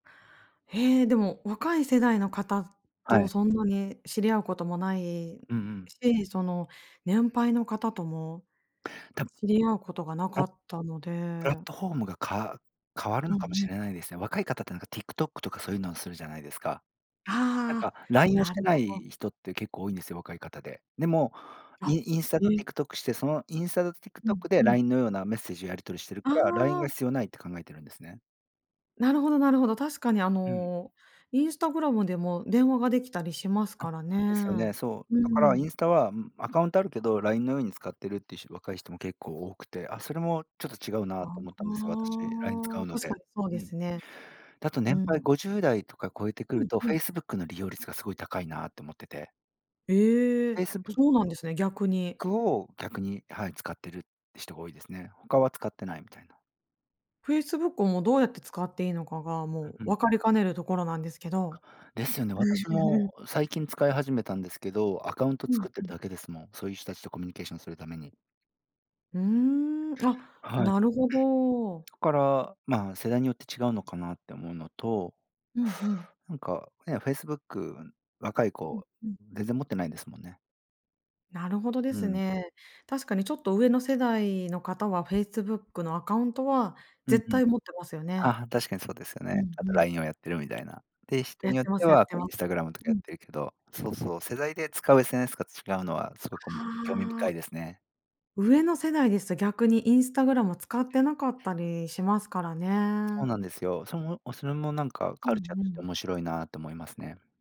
へえ、でも若い世代の方はとい。そんなに知り合うこともないうんうん。し、その年配の方とも、たぶん。知り合うことがなかあ、ったのプラッで。トフォームがか変わるうんのうかもしん。れないですね。若い方ってなんか TikTok とかそういうのをするじゃないですか。なんああ、か LINE をしなてるなほど。い人って結構多いんですよ、若い方で。でも、イあ、ンインスタへとえ。TikTok して、そのインスタとうん TikTok でうん。LINE のようなメッセージをやり取りしてるあから、LINE があ。必要ないって考えてるんですね。なるほどなるほど。確かにあうん。の Instagram でも電話ができたりしますあ、からね。ですよね。そう。うだかーらインん。スタは、うん、アカウントあるけど、LINE のように使ってるっていう人若い人も結構多くて、あそれもちょっと違うあなと思ったんですよ、私。LINE 使うあ。の確かで。にそううでん。すね。だと年う配ん。50代とか超えてくうるんとうん。Facebook の利用率がすごい高いなと思ってて。ええ、Facebook そうなんですね、逆に。を逆に、はい、使ってる人が多いですね。他は使ってないみたいな。Facebook をもうどうやって使っていいのかが、もううん。分かりかねるところなんですけど。ですよね。私も最近使い始めたんですけど、アカウントうん作ってうるん。だけですもん。そういう人たちとコミュニケーションするために。うーん、あ、はい。ん、なるほど。そこから、ま世代によって違うのかなって思うのと。うんうん。なんかね、Facebook、若いうん子うん。全然持ってないですもんね。なるほどでうすん。ね。確かにちょっと上の世代の方は Facebook のアカウントはうん絶うん。対持ってますよね。あ、確かにそうですようんね。あうとん。LINE をやってるみたいな。で、人やっによってまてす、やっはてこうま Instagram とかうやっん。てるけど、そうそう、世代で使う SNS が違うのはそうかも、興味あ深あ。いですね。上の世代ですと逆に Instagram を使ってなかったりしますからそうね。なんですよ。それもそれもなんかうんカルチャーうとしてん。面白いなと思いますね。